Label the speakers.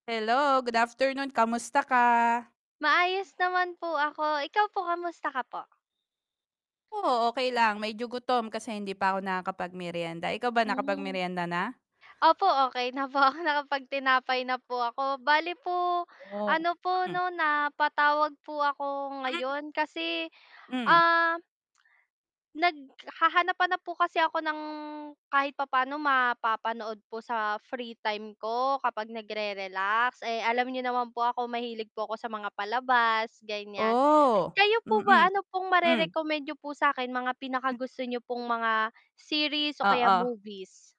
Speaker 1: Hello, good afternoon, kamusta ka?
Speaker 2: Maayos naman po ako, ikaw po kamusta ka po?
Speaker 1: Oo, okey lang, medyo gutom kasi hindi pa ako nakakapag-meryenda, ikaw ba
Speaker 2: Hmm.
Speaker 1: nakapag-meryenda na?
Speaker 2: Opo, okey na po ako, nakapag-tinapay na po ako, bale po,
Speaker 1: Oh,
Speaker 2: ano po
Speaker 1: Mm.
Speaker 2: 'no napatawag po ako ngayon, kasi,
Speaker 1: Hmm.
Speaker 2: ah naghahanap-hanap po kasi ako ng kahit papaano mapapanood po sa free time ko, kapag nagre-relax eh, alam niyo naman po ako mahilig po ako sa mga palabas ganyan.
Speaker 1: Oh.
Speaker 2: Kayo po
Speaker 1: Mm.
Speaker 2: ba, ano pong mare
Speaker 1: Hmm.
Speaker 2: recommend nyo po sakin, mga pinakagusto niyo pong mga series o kaya
Speaker 1: Oo.
Speaker 2: movies?